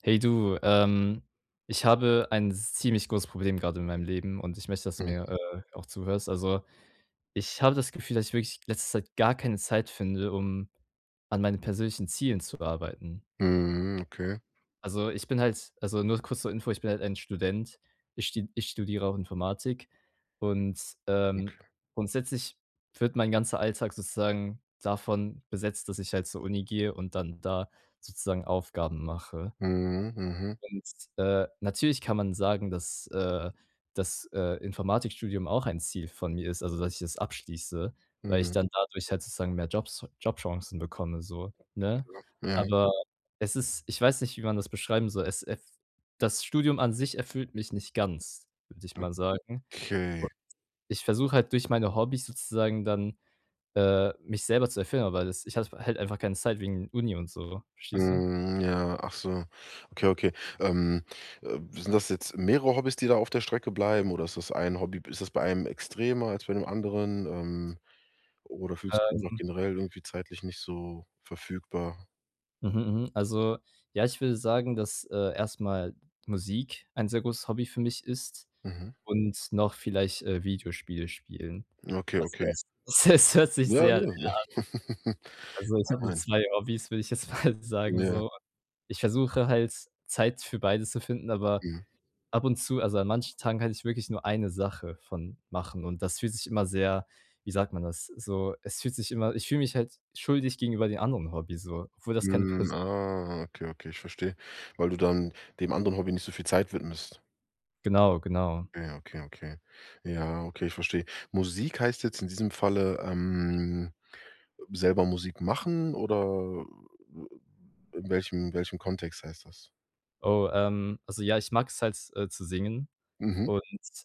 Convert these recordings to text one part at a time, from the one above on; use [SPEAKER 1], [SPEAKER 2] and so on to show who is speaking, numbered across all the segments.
[SPEAKER 1] Hey du, ähm, ich habe ein z ziemlich großes Problem gerade in meinem Leben und ich möchte, dass du
[SPEAKER 2] Mhm.
[SPEAKER 1] mir, äh, auch zuhörst. Also, ich habe das Gefühl, dass ich wirklich in letzter Zeit gar keine Zeit finde, um an meine persönlichen Zielen zu arbeiten.
[SPEAKER 2] Mhm, okay.
[SPEAKER 1] Also, ich bin halt also nur kurz zur Info, ich bin halt ein Student. Ich st ich studiere auch Informatik und, ähm,
[SPEAKER 2] Okay.
[SPEAKER 1] grundsätzlich wird mein ganzer Alltag sozusagen davon besetzt, dass ich halt zur Uni gehe und dann da sozusagen Aufgaben mache.
[SPEAKER 2] Mhm, mhm.
[SPEAKER 1] Und, äh, natürlich kann man sagen, dass äh, dass, äh, Informatikstudium auch ein Ziel von mir ist, also, dass ich das abschließe, weil ich
[SPEAKER 2] Mhm.
[SPEAKER 1] dann dadurch halt sozusagen mehr Jobs Jobchancen bekomme, so, ne?
[SPEAKER 2] Ja ja.
[SPEAKER 1] Aber es ist ich weiß nicht, wie man das beschreiben soll, es es das Studium an sich erfüllt mich nicht ganz, würde ich mal sagen,
[SPEAKER 2] Okay.
[SPEAKER 1] und ich versuche halt durch meine Hobbys sozusagen dann, äh, mich selber zu erfüllen, aber das ich habe halt einfach keine Zeit wegen Uni und so, verstehst du?
[SPEAKER 2] Mhm, ja. Ach so. Okay, okay. Ähm, äh, sind das jetzt mehrere Hobbys, die da auf der Strecke bleiben, oder ist das ein Hobby? B ist das bei einem extremer als bei den anderen, ähm, oder fühlst du dich einfach
[SPEAKER 1] Ähm
[SPEAKER 2] generell irgendwie zeitlich nicht so verfügbar?
[SPEAKER 1] Mhm, mhm, also, ja, ich würde sagen, dass, äh, erstmal Musik ein sehr großes Hobby für mich ist
[SPEAKER 2] Mhm.
[SPEAKER 1] und noch vielleicht, äh, Videospiele spielen.
[SPEAKER 2] Okay,
[SPEAKER 1] Also,
[SPEAKER 2] okay.
[SPEAKER 1] es es es hört sich
[SPEAKER 2] Ja, ja.
[SPEAKER 1] sehr [unintelligible] an. Also, ich
[SPEAKER 2] Nein,
[SPEAKER 1] habe nur
[SPEAKER 2] nein.
[SPEAKER 1] 2 Hobbys, würde ich jetzt mal sagen,
[SPEAKER 2] Ja.
[SPEAKER 1] so. Ich versuche halt Zeit für beides zu finden, aber
[SPEAKER 2] Ja.
[SPEAKER 1] ab und zu, also, an manchen Tagen kann ich wirklich nur 1 Sache von machen und das fühlt sich immer sehr, wie sagt man das? So, es fühlt sich immer ich fühle mich halt schuldig gegenüber den anderen Hobbys, so, obwohl das keine
[SPEAKER 2] Hm,
[SPEAKER 1] Person
[SPEAKER 2] ah, okay, okay, ich verstehe. Weil du dann dem anderen Hobby nicht so viel Zeit widmest.
[SPEAKER 1] Genau, genau.
[SPEAKER 2] Ja, okay, okay. Ja, okay, ich verstehe. Musik heißt jetzt in diesem Falle, ähm, selber Musik machen oder, äh, w in welchem welchem Kontext heißt das?
[SPEAKER 1] Oh, ähm, also, ja, ich mag's halt, äh, zu singen
[SPEAKER 2] Mhm.
[SPEAKER 1] und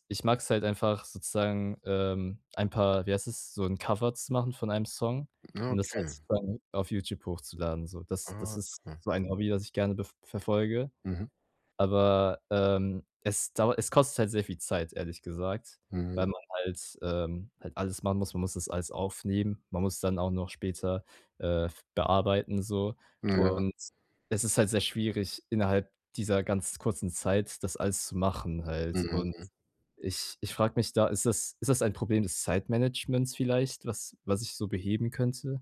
[SPEAKER 1] ich mag's halt einfach sozusagen, ähm, ein paar, wie heißt das, so 'n Cover zu machen von einem Song
[SPEAKER 2] Ah,
[SPEAKER 1] und das halt
[SPEAKER 2] okay.
[SPEAKER 1] dann auf YouTube hochzuladen, so. Das das
[SPEAKER 2] Alles
[SPEAKER 1] ist
[SPEAKER 2] klar.
[SPEAKER 1] so ein Hobby, das ich gerne bef verfolge.
[SPEAKER 2] Mhm.
[SPEAKER 1] Aber, ähm, es dauert es kostet halt sehr viel Zeit, ehrlich gesagt,
[SPEAKER 2] Hm.
[SPEAKER 1] weil man halt, ähm halt alles machen muss, man muss das alles aufnehmen. Man muss dann auch noch später, äh, f bearbeiten so
[SPEAKER 2] Ja.
[SPEAKER 1] und es ist halt sehr schwierig, innerhalb dieser ganz kurzen Zeit, das alles zu machen halt. Und
[SPEAKER 2] Mhm.
[SPEAKER 1] ich ich frage mich da, ist das ist das ein Problem des Zeitmanagements vielleicht, was was ich so beheben könnte?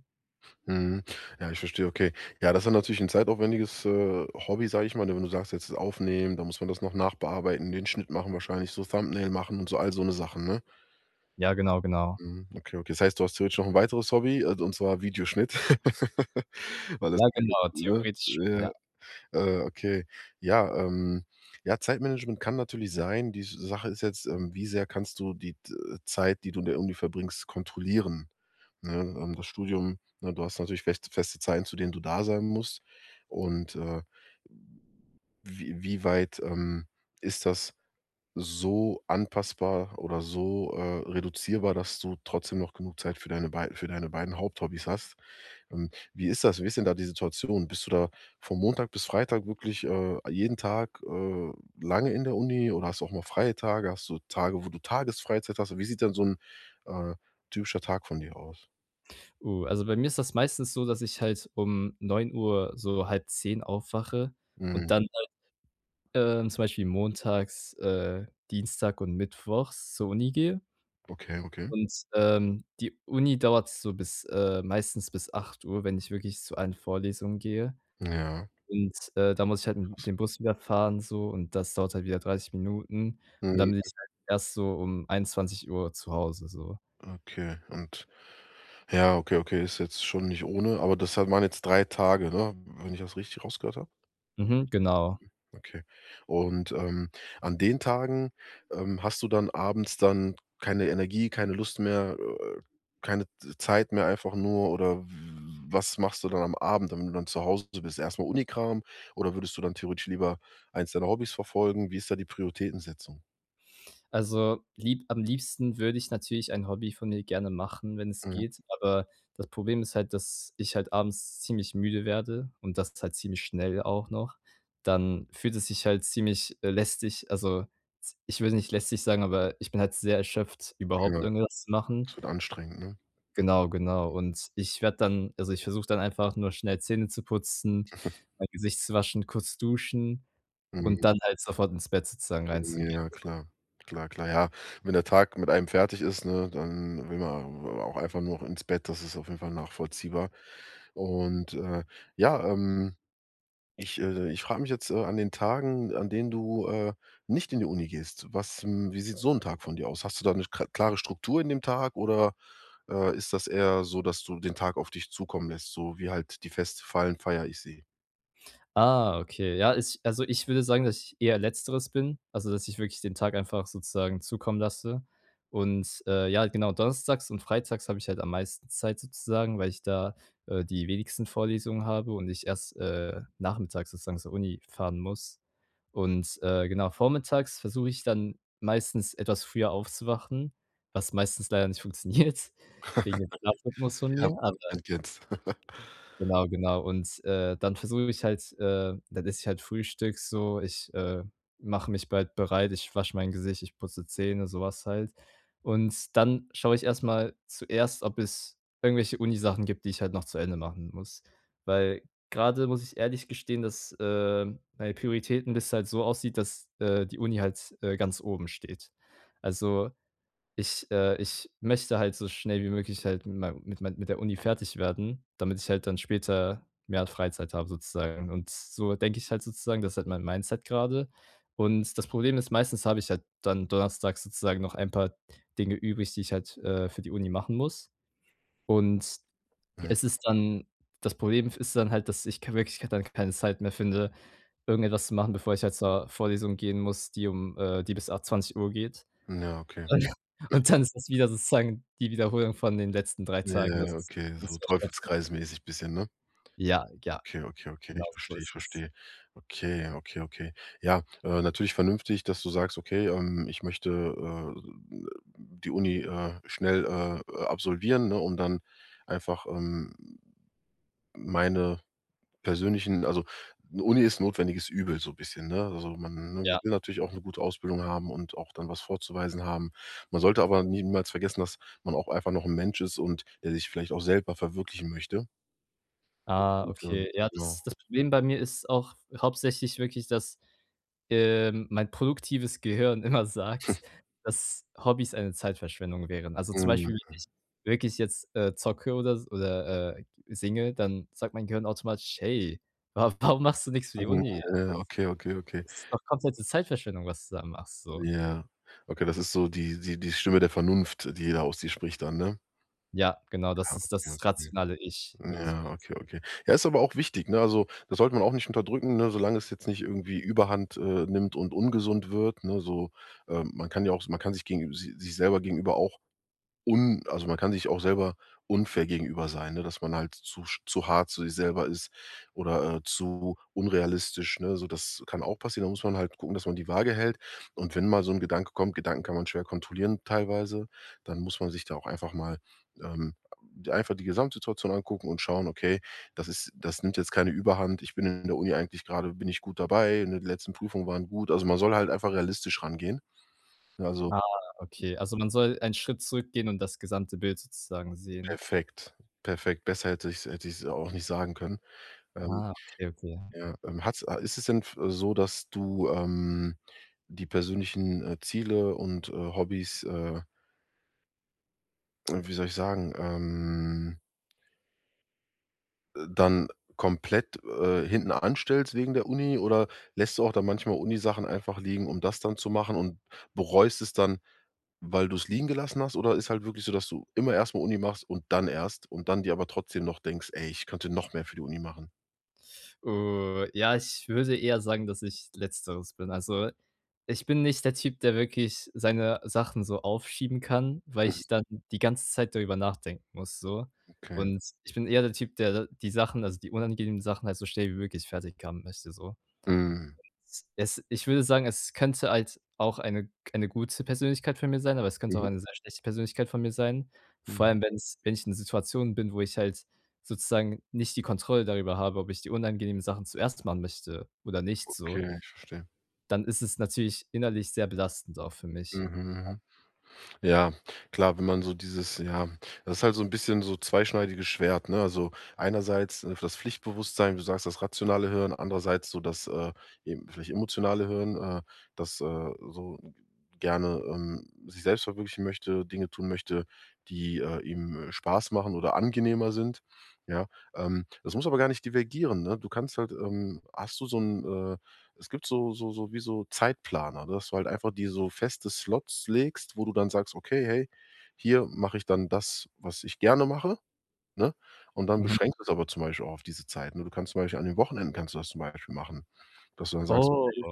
[SPEAKER 2] Mhm, ja, ich verstehe, okay. Ja, das ist natürlich 'n zeitaufwendiges, äh, Hobby, sage ich mal, wenn du sagst: „Jetzt das aufnehmen, dann muss man das noch nachbearbeiten, den Schnitt machen, wahrscheinlich so Thumbnail machen und so“, alle so 'ne Sachen, ne?
[SPEAKER 1] Ja, genau. Genau.
[SPEAKER 2] Mhm, okay, okay. Das heißt, du hast ja jetzt noch 'n weiteres Hobby, äh, und zwar Videoschnitt weil das
[SPEAKER 1] Ja,
[SPEAKER 2] [unintelligible]
[SPEAKER 1] genau,
[SPEAKER 2] ne?
[SPEAKER 1] theoretisch,
[SPEAKER 2] Ja.
[SPEAKER 1] ja.
[SPEAKER 2] Äh, okay, ja, ähm ja, Zeitmanagement kann natürlich sein. Die Sache ist jetzt, ähm, wie sehr kannst du die, äh, Zeit, die du in der Uni verbringst, kontrollieren, ne, ähm, das Studium ne, du hast natürlich fest feste Zeiten, zu denen du da sein musst, und, äh, w wie weit, ähm, ist das so anpassbar oder so, äh, reduzierbar, dass du trotzdem noch genug Zeit für deine bei für deine beiden Haupthobbys hast? Ähm, wie ist das? Wie ist denn da die Situation? Bist du da von Montag bis Freitag wirklich, äh, jeden Tag, äh, lange in der Uni oder hast du auch mal freie Tage? Hast du Tage, wo du Tagesfreizeit hast? Wie sieht denn so 'n, äh, typischer Tag von dir aus?
[SPEAKER 1] Oh, also, bei mir ist das meistens so, dass ich halt um 9:00,, so 9:30 aufwache und
[SPEAKER 2] Mhm.
[SPEAKER 1] dann halt, ähm, zum Beispiel montags, äh, Dienstag und mittwochs zur Uni gehe.
[SPEAKER 2] Okay, okay.
[SPEAKER 1] Und, ähm, die Uni dauert so bis äh, meistens bis 8:00, wenn ich wirklich zu allen Vorlesung gehe,
[SPEAKER 2] Ja.
[SPEAKER 1] und, äh, da muss ich halt mit dem Bus wieder fahren so, und das dauert halt wieder 30 Minuten und dann
[SPEAKER 2] Mhm.
[SPEAKER 1] bin ich halt erst so um 21:00 zu Hause, so.
[SPEAKER 2] Okay, und ja, okay, okay, ist jetzt schon nicht ohne, aber das hat waren jetzt 3 Tage, ne, wenn ich das richtig rausgehört habe.
[SPEAKER 1] Mhm, genau.
[SPEAKER 2] Okay, und, ähm, an den Tagen, ähm, hast du dann abends dann keine Energie, keine Lust mehr, äh, keine Z Zeit mehr einfach nur, oder w was machst du dann am Abend, wenn du dann zu Hause bist erstmal Unikram oder würdest du dann theoretisch lieber eins deiner Hobbys verfolgen? Wie ist da die Prioritätensetzung?
[SPEAKER 1] Also, lieb am liebsten würde ich natürlich ein Hobby von mir gerne machen, wenn es
[SPEAKER 2] Mhm.
[SPEAKER 1] geht, aber das Problem ist halt, dass ich halt abends ziemlich müde werde und dass es halt ziemlich schnell auch noch, dann fühlt es sich halt ziemlich, äh, lästig, also, z ich würde nicht lästig sagen, aber ich bin halt sehr erschöpft, überhaupt
[SPEAKER 2] Ja.
[SPEAKER 1] irgendwas zu machen.
[SPEAKER 2] Das wird anstrengend, ne?
[SPEAKER 1] Genau, genau. Und ich werde dann also, ich versuche dann einfach nur schnell Zähne zu putzen, mein Gesicht zu waschen, kurz duschen und
[SPEAKER 2] Mhm.
[SPEAKER 1] dann halt sofort ins Bett sozusagen reinzugehen.
[SPEAKER 2] Ja,
[SPEAKER 1] [unintelligible]
[SPEAKER 2] klar. Klar, klar. Ja, wenn der Tag mit einem fertig ist, ne, dann will man, äh, auch einfach nur noch ins Bett, das ist auf jeden Fall nachvollziehbar. Und, äh, ja, ähm ich, äh, ich frage mich jetzt an den Tagen, an denen du, äh, nicht in die Uni gehst. Was wie sieht so 'n Tag von dir aus? Hast du da 'ne kr klare Struktur in dem Tag, oder, äh, ist das eher so, dass du den Tag auf dich zukommen lässt, so wie halt die Feste fallen, feiere ich sie?
[SPEAKER 1] Ah okay, ja, ich also, ich würde sagen, dass ich eher letzteres bin also, dass ich wirklich den Tag einfach sozusagen zukommen lasse, und, äh, ja, genau, donnerstags und freitags habe ich halt am meisten Zeit sozusagen, weil ich da, äh, die wenigsten Vorlesungen habe und ich erst, äh, nachmittags sozusagen zur Uni fahren muss. Und, äh, genau vormittags versuche ich dann meistens, etwas früher aufzuwachen, was meistens leider nicht funktioniert wegen dem Schlafrhythmus von
[SPEAKER 2] Ja.
[SPEAKER 1] mir, aber
[SPEAKER 2] Man kennt's.
[SPEAKER 1] genau, genau. Und, äh, dann versuche ich mich halt äh, dann esse ich halt Frühstück so, ich, äh, mache mich bald bereit, ich wasche mein Gesicht, ich putze Zähne, sowas halt, und dann schaue ich erstmal zuerst, ob es irgendwelche Uni-Sachen gibt, die ich halt noch zu Ende machen muss, weil grade muss ich ehrlich gestehen, dass, äh, meine Prioritäten dass es halt so aussieht, dass, äh, die Uni halt, äh, ganz oben steht. Also, ich äh, ich möchte halt so schnell wie möglich halt mit mei mit mei mit der Uni fertig werden, damit ich halt dann später mehr Freizeit habe, sozusagen, und so denke ich halt sozusagen, das ist halt mein Mindset grade. Und das Problem ist, meistens habe ich halt dann donnerstags sozusagen noch ein paar Dinge übrig, die ich halt, äh, für die Uni machen muss, und
[SPEAKER 2] Ja,
[SPEAKER 1] es ist dann das Problem ist dann halt, dass ich k wirklich dann keine Zeit mehr finde, irgendetwas zu machen, bevor ich halt zur Vorlesung gehen muss, die um äh, die bis a 20:00 geht.
[SPEAKER 2] Ja, okay.
[SPEAKER 1] Und und dann ist das wieder sozusagen die Wiederholung von den letzten 3
[SPEAKER 2] Ja,
[SPEAKER 1] Tagen,
[SPEAKER 2] ja,
[SPEAKER 1] das
[SPEAKER 2] ja,
[SPEAKER 1] ist.
[SPEAKER 2] okay, so
[SPEAKER 1] [unintelligible]
[SPEAKER 2] teufelskreismäßig bisschen, ne?
[SPEAKER 1] Ja, ja.
[SPEAKER 2] Okay, okay, okay.
[SPEAKER 1] Genau
[SPEAKER 2] Ich
[SPEAKER 1] so
[SPEAKER 2] verstehe, ich
[SPEAKER 1] ist es.
[SPEAKER 2] verstehe. Okay, okay, okay. Ja, äh, natürlich vernünftig, dass du sagst: „Okay, ähm, ich möchte, äh, die Uni, äh, schnell, äh, äh, absolvieren, ne, und dann einfach, ähm, meine persönlichen” also, 'ne Uni ist notwendiges Übel, so bisschen, ne? Also, man man
[SPEAKER 1] Ja.
[SPEAKER 2] will natürlich auch 'ne gute Ausbildung haben und auch dann was vorzuweisen haben. Man sollte aber niemals vergessen, dass man auch einfach noch 'n Mensch ist und der sich vielleicht auch selber verwirklichen möchte.
[SPEAKER 1] Ah,
[SPEAKER 2] [unintelligible]
[SPEAKER 1] okay. Ja,
[SPEAKER 2] Ja.
[SPEAKER 1] das das Problem bei mir ist auch hauptsächlich wirklich, dass, ähm, mein produktives Gehirn immer sagt, dass Hobbys eine Zeitverschwendung wären. Also, zum Beispiel, wenn
[SPEAKER 2] Mhm.
[SPEAKER 1] ich wirklich jetzt, äh, zocke oder s oder, äh, singe, dann sagt mein Gehirn automatisch: „Hey, wa warum machst du nichts für die
[SPEAKER 2] Mhm,
[SPEAKER 1] Uni? Das
[SPEAKER 2] ja, okay, okay, okay.
[SPEAKER 1] das ist doch komplette Zeitverschwendung, was du da machst“, so.
[SPEAKER 2] Ja, okay, das ist so die die die Stimme der Vernunft, die da aus dir spricht dann, ne?
[SPEAKER 1] Ja, genau,
[SPEAKER 2] Ja,
[SPEAKER 1] dass ist
[SPEAKER 2] okay,
[SPEAKER 1] das
[SPEAKER 2] okay.
[SPEAKER 1] rationale ich, würde ich
[SPEAKER 2] Ja,
[SPEAKER 1] [unintelligible]
[SPEAKER 2] okay, okay. Ja, ist aber auch wichtig, ne? Also, das sollte man auch nicht unterdrücken, ne, solange es jetzt nicht irgendwie Überhand, äh, nimmt und ungesund wird, ne, so, äh, man kann ja auch man kann sich gegen si sich selber gegenüber auch un also, man kann sich auch selber unfair gegenüber sein, ne? Dass man halt zu sch zu hart zu sich selber ist oder, äh, zu unrealistisch, ne? So das kann auch passieren. Da muss man halt gucken, dass man die Waage hält. Und wenn mal so 'n Gedanke kommt, Gedanken kann man schwer kontrollieren, teilweise, dann muss man sich da auch einfach mal, ähm einfach die Gesamtsituation angucken und schauen, okay, das ist das nimmt jetzt keine Überhand. Ich bin in der Uni eigentlich gerade bin ich gut dabei, in den letzten Prüfungen waren gut. Also, man soll halt einfach realistisch rangehen. Ne, also
[SPEAKER 1] Ah, okay. Also, man soll einen Schritt zurückgehen und das gesamte Bild sozusagen sehen.
[SPEAKER 2] Perfekt. Perfekt. Besser hätte ich's hätte ich's auch nicht sagen können, ähm,
[SPEAKER 1] Ah, okay, okay.
[SPEAKER 2] ja, ähm, hat's a ist es denn f äh, so, dass du, ähm, die persönlichen, äh, Ziele und, äh, Hobbys, äh Äh, wie soll ich sagen, ähm äh, dann komplett, äh, hinten anstellst wegen der Uni oder lässt du auch dann manchmal Uni Sachen einfach liegen, um das dann zu machen und bereust es dann, weil du es liegen gelassen hast? Oder ist halt wirklich so, dass du immer erst mal Uni machst und dann erst und dann dir aber trotzdem noch denkst: „Ey, ich könnte noch mehr für die Uni machen“?
[SPEAKER 1] Äh ja, ich würde eher sagen, dass ich letzteres bin. Also, ich bin nicht der Typ, der wirklich seine Sachen so aufschieben kann, weil
[SPEAKER 2] Mhm.
[SPEAKER 1] ich dann die ganze Zeit darüber nachdenken muss, so.
[SPEAKER 2] Okay.
[SPEAKER 1] Und ich bin eher der Typ, der da die Sachen also, die unangenehmen Sachen halt so schnell wie möglich fertig haben möchte, so.
[SPEAKER 2] Mhm.
[SPEAKER 1] Es ich würde sagen, es könnte halt auch eine k eine gute Persönlichkeit für mir sein, aber es könnte auch
[SPEAKER 2] Mhm.
[SPEAKER 1] eine sehr schlechte Persönlichkeit von mir sein. Vor
[SPEAKER 2] Mhm.
[SPEAKER 1] allem, wenn es wenn ich in einer Situation bin, wo ich halt sozusagen nicht die Kontrolle darüber habe, ob ich die unangenehmen Sachen zuerst machen möchte oder nicht, so.
[SPEAKER 2] Okay, ich verstehe.
[SPEAKER 1] Dann ist es natürlich innerlich sehr belastend auch für mich.
[SPEAKER 2] Mhm, hm. Ja, klar, wenn man so dieses ja, das ist halt so ein 'n bisschen so zweischneidiges Schwert, ne? Also, einerseits, äh, für das Pflichtbewusstsein. Du sagst: „Das rationale Hören“, andererseits so das, äh, eben, vielleicht emotionale Hören, äh, das, äh, so g gerne, ähm, sich selbst verwirklichen möchte, Dinge tun möchte, die, äh, ihm Spaß machen oder angenehmer sind. Ja, ähm, das muss aber gar nicht divergieren, ne? Du kannst halt ähm, hast du so 'n äh, es gibt so so so wie so Zeitplaner, dass du halt einfach dir so feste Slots legst, wo du dann sagst: „Okay, hey, hier mache ich dann das, was ich gerne mache,“ ne? Und dann
[SPEAKER 1] Mhm.
[SPEAKER 2] beschränkst du es aber zum Beispiel auch auf diese Zeit. Ne, du kannst zum Beispiel an den Wochenenden kannst du das zum Beispiel machen, dass du dann sagst:
[SPEAKER 1] Oh.
[SPEAKER 2] „Okay,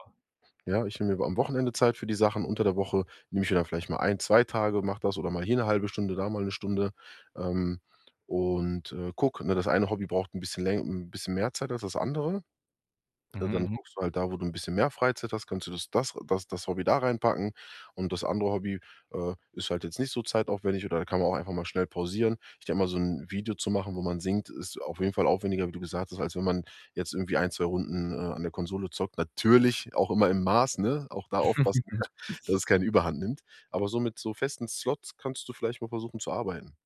[SPEAKER 2] ja, ich nehme mir mal am Wochenende Zeit für die Sachen. Unter der Woche nehme ich mir dann vielleicht mal 1, 2 Tage, mache das oder mal hier 'ne 0,5 Stunde, da mal 1 Stunde. Ähm, und, äh, gucke ne, das eine Hobby braucht 'n bisschen läng 'n bisschen mehr Zeit als das andere.“ Äh,
[SPEAKER 1] Mhm.
[SPEAKER 2] dann
[SPEAKER 1] Mhm.
[SPEAKER 2] guckst du halt da, wo du 'n bisschen mehr Freizeit hast, kannst du das das das das Hobby da reinpacken. Und das andere Hobby, äh, ist halt jetzt nicht so zeitaufwendig, oder da kann man auch einfach mal schnell pausieren. Ich denke mal so 'n Video zu machen, wo man singt, ist auf jeden Fall aufwendiger, wie du gesagt hast, als wenn man jetzt irgendwie 1, 2 Runden, äh, an der Konsole zockt. Natürlich auch immer im Maß, ne? Auch da aufpassen, dass es keine Überhand nimmt. Aber so mit so festen Slots kannst du vielleicht mal versuchen zu arbeiten.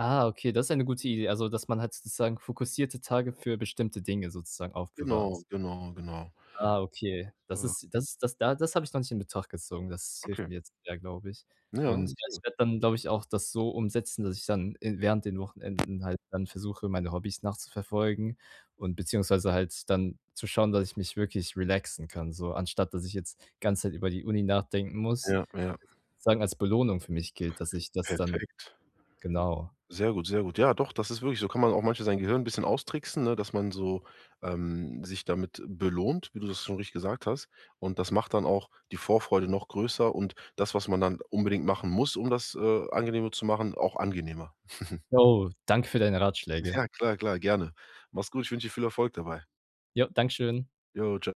[SPEAKER 1] Ah, okay, das ist eine gute Idee. Also, dass man halt sozusagen fokussierte Tage für bestimmte Dinge sozusagen
[SPEAKER 2] Genau,
[SPEAKER 1] aufbewahrt.
[SPEAKER 2] genau, genau.
[SPEAKER 1] Ah, okay. Das
[SPEAKER 2] Äh
[SPEAKER 1] ist das da das habe ich noch nicht in Betracht gezogen. Das hilft
[SPEAKER 2] Okay.
[SPEAKER 1] mir jetzt sehr, glaube ich.
[SPEAKER 2] Ja,
[SPEAKER 1] Und ja,
[SPEAKER 2] sehr
[SPEAKER 1] ich
[SPEAKER 2] gut.
[SPEAKER 1] werde dann, glaube ich auch, das so umsetzen, dass ich dann in während den Wochenenden halt dann versuche, meine Hobbys nachzuverfolgen und beziehungsweise halt dann zu schauen, dass ich mich wirklich relaxen kann so, anstatt dass ich jetzt die ganze Zeit über die Uni nachdenken muss.
[SPEAKER 2] Ja, ja.
[SPEAKER 1] Sozusagen als Belohnung für mich gilt, dass ich das dann
[SPEAKER 2] Perfekt.
[SPEAKER 1] genau.
[SPEAKER 2] Sehr gut. Sehr gut. Ja, doch, das ist wirklich so kann man auch manchmal sein Gehirn 'n bisschen austricksen, ne? Dass man so, ähm, sich damit belohnt, wie du das schon richtig gesagt hast. Und das macht dann auch die Vorfreude noch größer. Und das, was man dann unbedingt machen muss, um das, äh, angenehmer zu machen, auch angenehmer.
[SPEAKER 1] Jo, danke für deine Ratschläge.
[SPEAKER 2] Ja, klar, klar, gerne. Mach's gut, ich wünsche dir viel Erfolg dabei.
[SPEAKER 1] Ja, Dankeschön.
[SPEAKER 2] Jo, tschau.